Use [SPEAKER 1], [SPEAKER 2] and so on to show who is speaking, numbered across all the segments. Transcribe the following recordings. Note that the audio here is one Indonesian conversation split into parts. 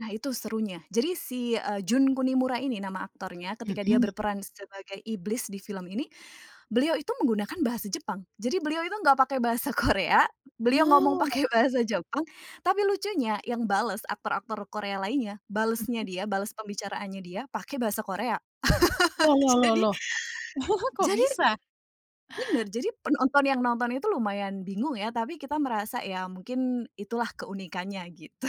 [SPEAKER 1] Nah itu serunya, jadi si, eee, Jun Kunimura ini nama aktornya ketika dia
[SPEAKER 2] Mhm.
[SPEAKER 1] berperan sebagai iblis di film ini, beliau itu menggunakan bahasa Jepang, jadi beliau itu enggak pakai bahasa Korea, beliau ngomong
[SPEAKER 2] Oh.
[SPEAKER 1] pakai bahasa Jepang, tapi lucunya yang bales aktor-aktor Korea lainnya, balesnya
[SPEAKER 2] Mhm.
[SPEAKER 1] dia, bales pembicaraannya dia, pakai bahasa Korea.
[SPEAKER 2] Loh loh loh
[SPEAKER 1] Jadi
[SPEAKER 2] loh. Kok
[SPEAKER 1] jadi
[SPEAKER 2] bisa?
[SPEAKER 1] bener, jadi penonton yang nonton itu lumayan bingung ya, tapi kita merasa ya mungkin itulah keunikannya gitu.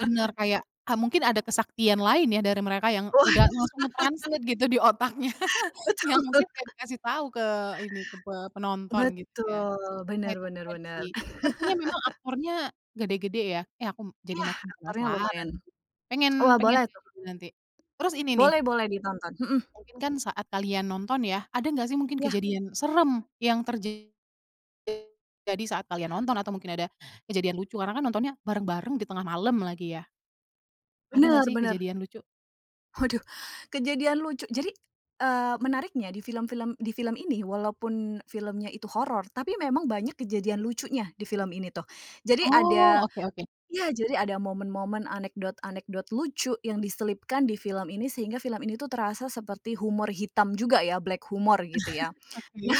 [SPEAKER 2] Bener kayak, eee, mungkin ada kesaktian lain ya dari mereka yang
[SPEAKER 1] Oh.
[SPEAKER 2] udah langsung nge-translate gitu di otaknya.
[SPEAKER 1] Betul.
[SPEAKER 2] Ya mungkin kayak dikasih tau ke ini, ke pe penonton gitu ya.
[SPEAKER 1] Betul.
[SPEAKER 2] Wah
[SPEAKER 1] Bener
[SPEAKER 2] itu
[SPEAKER 1] bener
[SPEAKER 2] keren
[SPEAKER 1] bener.
[SPEAKER 2] sih, sepertinya memang aktornya gede-gede ya. Eh aku jadi
[SPEAKER 1] Iya,
[SPEAKER 2] makin
[SPEAKER 1] aktornya
[SPEAKER 2] penasaran,
[SPEAKER 1] lumayan
[SPEAKER 2] pengen
[SPEAKER 1] wah
[SPEAKER 2] pengen
[SPEAKER 1] boleh
[SPEAKER 2] liat
[SPEAKER 1] tuh.
[SPEAKER 2] juga nanti. Terus ini nih
[SPEAKER 1] Boleh boleh ditonton, mhm.
[SPEAKER 2] mungkin kan saat kalian nonton ya, ada gak sih mungkin
[SPEAKER 1] Ya.
[SPEAKER 2] kejadian serem yang terja [unintelligible] jadi saat kalian nonton atau mungkin ada kejadian lucu karena kan nontonnya bareng-bareng di tengah malam lagi ya? Ada gak
[SPEAKER 1] Bener
[SPEAKER 2] sih
[SPEAKER 1] bener.
[SPEAKER 2] kejadian lucu?
[SPEAKER 1] Waduh, kejadian lucu jadi, eee, menariknya di film-film di film ini walaupun filmnya itu horor, tapi memang banyak kejadian lucunya di film ini tuh. Jadi
[SPEAKER 2] Oh
[SPEAKER 1] ada
[SPEAKER 2] oke oke.
[SPEAKER 1] ya, jadi ada momen-momen anekdot-anekdot lucu yang diselipkan di film ini sehingga film ini tuh terasa seperti humor hitam juga ya, black humor gitu ya.
[SPEAKER 2] Oke.
[SPEAKER 1] Nah,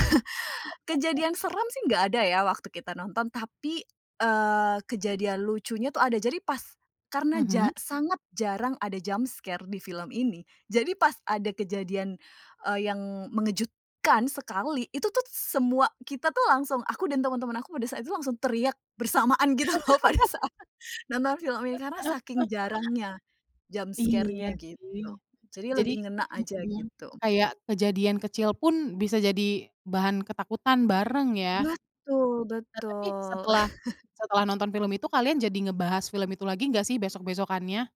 [SPEAKER 1] kejadian seram sih gak ada ya waktu kita nonton, tapi, eee, kejadian lucunya tuh ada, jadi pas karena
[SPEAKER 2] Mhm.
[SPEAKER 1] ja sangat jarang ada jump scare di film ini jadi pas ada kejadian, eee, yang mengejutkan sekali, itu tuh semua kita tuh langsung aku dan teman-temanku pada saat itu langsung teriak bersamaan gitu loh pada saat nonton film ini, karena saking jarangnya jump
[SPEAKER 2] Iya
[SPEAKER 1] scare-nya
[SPEAKER 2] sih.
[SPEAKER 1] gitu, jadi
[SPEAKER 2] Jadi
[SPEAKER 1] lebih ngena
[SPEAKER 2] mhm
[SPEAKER 1] aja
[SPEAKER 2] mhm,
[SPEAKER 1] gitu.
[SPEAKER 2] kayak kejadian kecil pun bisa jadi bahan ketakutan bareng ya.
[SPEAKER 1] Betul
[SPEAKER 2] Nah tapi
[SPEAKER 1] betul.
[SPEAKER 2] setelah setelah nonton film itu, kalian jadi ngebahas film itu lagi enggak sih besok-besokkannya?